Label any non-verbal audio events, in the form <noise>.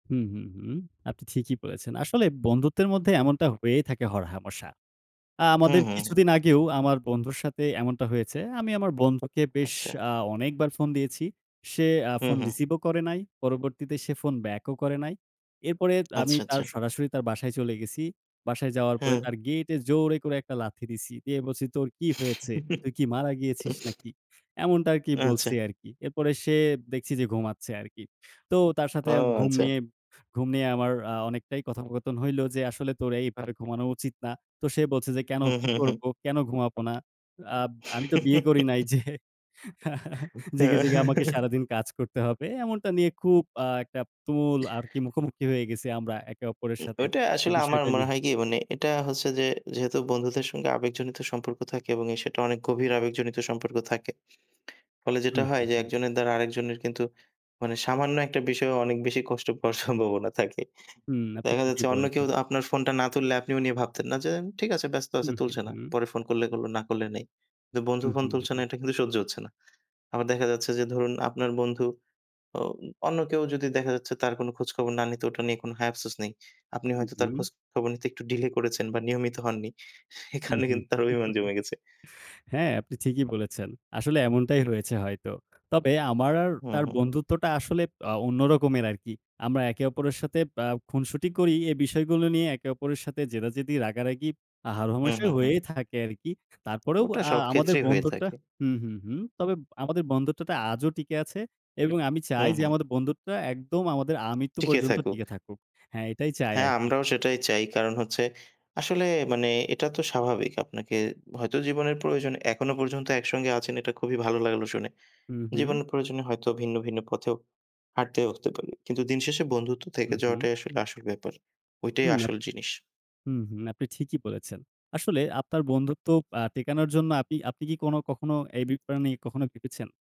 হু, হু, হু। আপনি ঠিকই বলেছেন। আসলে বন্ধুত্বের মধ্যে এমনটা হয়েই থাকে হরহামেশা। অ্যা হু, আমাদের হু, কিছুদিন হু। আগেও আমার বন্ধুর সাথে এমনটা হয়েছে। আমি আমার বন্ধুকে বেশ আচ্ছা। আ অনেকবার ফোন দিয়েছি। সে অ্যা হু, ফোন হু। receive ও করে নাই। পরবর্তীতে সে ফোন back ও করে নাই। এরপরে আমি আচ্ছা, আচ্ছা। তার সরাসরি তার বাসায় চলে গেছি। বাসায় যাওয়ার পরে হ্যাঁ। তার gate এ জোরে করে একটা লাথি দিছি। দিয়ে বলছি, "তোর কি হয়েছে? তুই কি মারা গিয়েছিস <chuckles> নাকি?" এমনটা আরকি আচ্ছা। বলছি আরকি। এরপরে সে দেখছি যে ঘুমাচ্ছে, আরকি। তো তার ও সাথে আমি ঘুম আচ্ছা। নিয়ে ঘুম নিয়ে আমার আ অনেকটাই কথোপকথন হইল, যে আসলে "তোরে এইভাবে ঘুমানো উচিত না।" তো সে বলছে যে, "কেনো? হু, কি হু, হু। করব? কেনো ঘুমাব না? আব আমি তো বিয়ে করি নাই যে <chuckles> জেগে, জেগে, আমাকে <chuckles> সারাদিন কাজ করতে হবে।" এমনটা নিয়ে খুব আ একটা তুমুল আরকি মুখোমুখি হয়ে গেছি আমরা একে অপরের উ সাথে ওইটা এই আসলে আমার বিষয়টা মনে নিয়ে। হয় কি মানে, এটা হচ্ছে যে যেহেতু বন্ধুদের সঙ্গে আবেগজনিত সম্পর্ক থাকে এবং এ সেটা অনেক গভীর আবেগজনিত সম্পর্ক থাকে। ফলে হু, যেটা হয় হু, যে, হু। একজনের দ্বারা আরেকজনের কিন্তু মানে সামান্য একটা বিষয়েও অনেক বেশি কষ্ট পাওয়ার সম্ভাবনা থাকে হুম। আপনি দেখা ঠিকই যাচ্ছে অন্য কেউ বলেছেন। আপনার ফোনটা না তুললে, আপনিও নিয়ে ভাবতেন না। যে ঠিক আছে ব্যস্ত হু, আছে হু, তুলছে না। হু। পরে ফোন করলে করলো না করলে নেই। কিন্তু বন্ধু হু, ফোন হু, হু, তুলছে না হু। এটা কিন্তু সহ্য হচ্ছে না। আবার দেখা যাচ্ছে যে, ধরুন আপনার বন্ধু অ অন্য কেউ যদি দেখা যাচ্ছে তার কোনো খোঁজখবর না নিতে ওটা নিয়ে কোনো হায় আফসোস নেই। আপনি হু, হয়তো তার হু। খোঁজ খবর নিতে একটু delay করেছেন বা নিয়মিত হননি। এ হু, কারণে হু। কিন্তু তার অভিমান জমে গেছে। <chuckles> হ্যাঁ, আপনি ঠিকই বলেছেন। আসলে এমনটাই রয়েছে হয়তো। তবে আমার আর হু, তার হু। বন্ধুত্বটা আসলে অ অন্য রকমের আরকি। আমরা একে অপরের সাথে অ্যা খুনসুটি করি। এ বিষয়গুলো নিয়ে একে অপরের সাথে জেদাজেদি, রাগারাগি, হু, হারহমেশা হু, হয়েই হু। থাকে আরকি। তারপরেও ওটা আ সব আমাদের ক্ষেত্রেই হয়ে বন্ধুত্বটা থাকে। হু, হু, হুম। তবে আমাদের বন্ধুত্বটা আজও টিকে আছে এবং আমি হু, চাই যে হু। আমাদের বন্ধুত্বটা একদম আমাদের আমৃত্যু টিকে পর্যন্ত থাকুক। টিকে থাকুক। হ্যাঁ, এটাই চাই হ্যাঁ, আরকি। আমরাও সেটাই চাই। কারণ হচ্ছে, আসলে মানে এটা তো স্বাভাবিক। আপনাকে হয়তো জীবনের প্রয়োজনে এখনো পর্যন্ত একসঙ্গে আছেন এটা খুবই ভালো লাগলো শুনে। হু, হু। জীবনের প্রয়োজনে হয়তো ভিন্ন, ভিন্ন, পথেও হাঁটতে হতে পারে। কিন্তু দিনশেষে বন্ধুত্ব হু, থেকে হু। যাওয়াটাই আসলে আসল ব্যাপার। ওইটাই হুম আপ আসল জিনিস। হু, হু। আপনি ঠিকই বলেছেন। আসলে আপনার বন্ধুত্ব আ টিকানোর জন্য আপনি আপনি কি কোনো কখনো এই বি পা নিয়ে কখনো ভেবেছেন?